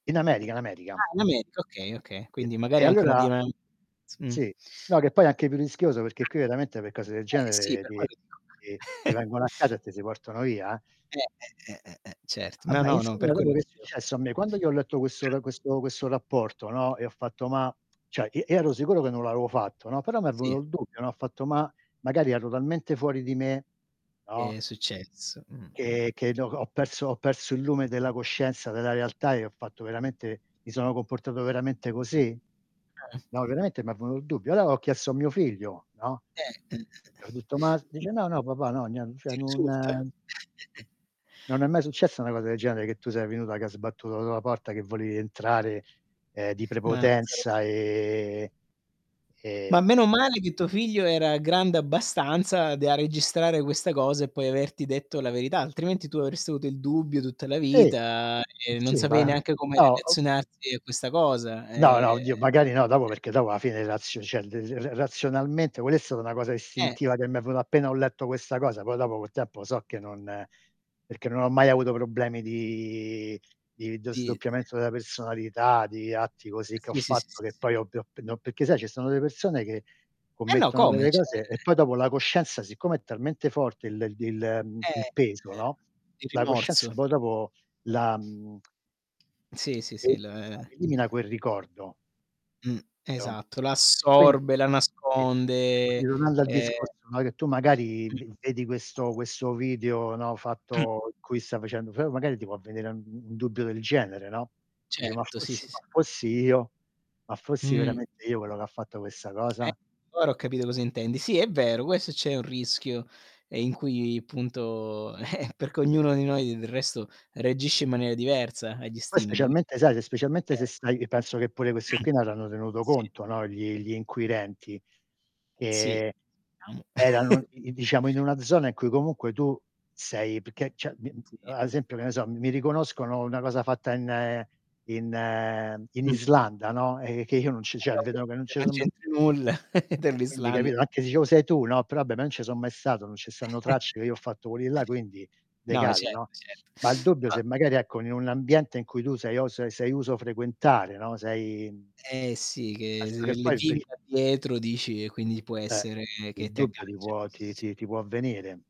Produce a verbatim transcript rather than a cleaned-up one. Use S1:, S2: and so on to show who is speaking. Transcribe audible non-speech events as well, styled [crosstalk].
S1: In America, in America.
S2: Ah, in America, okay, oka
S1: Sì.
S2: Quindi
S1: E
S2: magari anche una
S1: allora
S2: dinam z Mh.
S1: sì. No, che poi è anche più rischioso, perché
S2: Eh.
S1: qui veramente per cose del
S2: Eh, sì
S1: genere
S2: per
S1: ti
S2: quello dico.
S1: ti ti
S2: [chuckles]
S1: vengono a casa e ti si portano via, eh.
S2: Eh, eh, eh, eh, cert
S1: Ah,
S2: No,
S1: beh,
S2: no, no, per
S1: insomma,
S2: quello
S1: dopo che è
S2: che dico.
S1: successo a me? Quando io ho letto questo l questo questo rapporto, no, e ho fatto: "Ma" ceh, i io ero sicuro che non l'avevo fatto, no, però m'è venuto
S2: Sì.
S1: il dubbio, no, ho fatto: "Ma, magari ero talmente fuori di me" no
S2: È successo. Mh-mh.
S1: "che che no ho ho perso ho perso il lume della coscienza, della realtà, e ho fatto veramente mi sono comportato veramente così?"
S2: Mh.
S1: No, veramente m'è venuto il dubbio. Allora ho chiesto a mio figlio, no
S2: Eh. Mh. Mh.
S1: gli ho detto: "Ma"
S2: Mh.
S1: Dice:
S2: Mh.
S1: "No, no papà no, nie
S2: Ti
S1: cioè non"
S2: insulta. [chuckles]
S1: "non è mai successa una cosa del genere che tu sei venuto, che hai sbattuto la la porta che volevi entrare, uhm, di
S2: Ma [unintelligible]
S1: prepotenza e e,
S2: Ma
S1: mhmm"
S2: meno male che tuo figlio era grande abbastanza da registrare questa cosa, e poi averti detto la verità, altrimenti tu avresti avuto il dubbio tutta la
S1: Sì.
S2: vita, e non
S1: Sì,
S2: sapevi
S1: va.
S2: neanche come
S1: Ho ho
S2: relazionarti a questa cosa.
S1: No, no, oddio,
S2: Ehm
S1: magari no, dopo
S2: e
S1: perché, dopo a fine, razio ceh, il il r r razionalmente quella è stata una cosa
S2: Eh.
S1: istintiva che mi è venuta appena ho letto questa cosa, poi dopo col tempo so che non perché non ho mai avuto problemi di di d
S2: Dit
S1: sdoppiamento della personalità, di atti così che ho
S2: Sì, sì, sì, sì,
S1: fatto che
S2: sì.
S1: poi ovvio [unintelligible] peché sai ci sono delle persone che
S2: Eh, no,
S1: commettono
S2: come,
S1: delle
S2: cioè
S1: cose, e poi dopo la coscienza siccome è talmente forte il il il mhmm,
S2: È,
S1: peso, no,
S2: uhm, Il
S1: la coscienza
S2: rimorso.
S1: poi dopo la mhmm [clicks tongue]
S2: Sì, sì, sì,
S1: Elimina
S2: l
S1: elimina quel ricordo
S2: Mh.
S1: capito?
S2: Esatto. La
S1: E quindi
S2: assorbe, la
S1: Sì. E
S2: nasconde,
S1: quindi tornando al
S2: ehm
S1: discorso, no, che tu magari
S2: Mh.
S1: v vedi questo questo video, no,
S2: Mh.
S1: fatto in cui stai facendo f magari ti può vedere u un dubbio del genere, no, dici: "Ma
S2: Certo, sì,
S1: fossi ma
S2: sì.
S1: fossi io, ma fossi
S2: Mh.
S1: veramente io quello che fatto questa
S2: Eh,
S1: cosa?"
S2: ora ho capito cosa intendi. Sì, è vero, questo c'è un rischio, ehm, in cui, punto [chuckles] perché ognuno di noi nel resto reagisce in maniera diversa agli
S1: Poi,
S2: stimoli qui
S1: specialmente sai, se specialmente se
S2: Eh.
S1: stai penso che pure questi
S2: Mh,
S1: qui non hanno tenuto
S2: sì.
S1: conto, no, gli gli inquirenti,
S2: Sì.
S1: che
S2: [unintelligible]
S1: erano,
S2: [chuckles]
S1: i i diciamo, in una zona in cui comunque tu sei pché ceh, mhmm,
S2: Sì.
S1: ad esempio, che ne so, mi mi riconoscono una cosa fatta in in mhmm,
S2: Mh.
S1: Islanda, no, eh, che io non c ceh, vedono che non
S2: [unintelligible]
S1: ce
S2: Non
S1: so mai s
S2: c'entri nulla [chuckles]
S1: Quindi,
S2: dell'Islanda [unintelligible]
S1: capito? Anche se dicevo sei tu, no, però abbè non ce so mai stato, non ce stanno
S2: [chuckles]
S1: tracce che io ho fatto quelli là, quindi
S2: No.
S1: decade,
S2: Cert
S1: no, ma il
S2: certo.
S1: dubbio
S2: No
S1: se magari ecco in un ambiente in cui tu sei o se sei uso frequentare, no, sei, mhmm
S2: Eh, sì, che
S1: [unintelligible]
S2: se
S1: che
S2: le
S1: poi
S2: giri
S1: [unintelligible]
S2: da dietro dici, e quindi può
S1: Eh,
S2: essere
S1: il
S2: che ti
S1: dubbio ti
S2: aggancia.
S1: può ti ti ti può avvenire.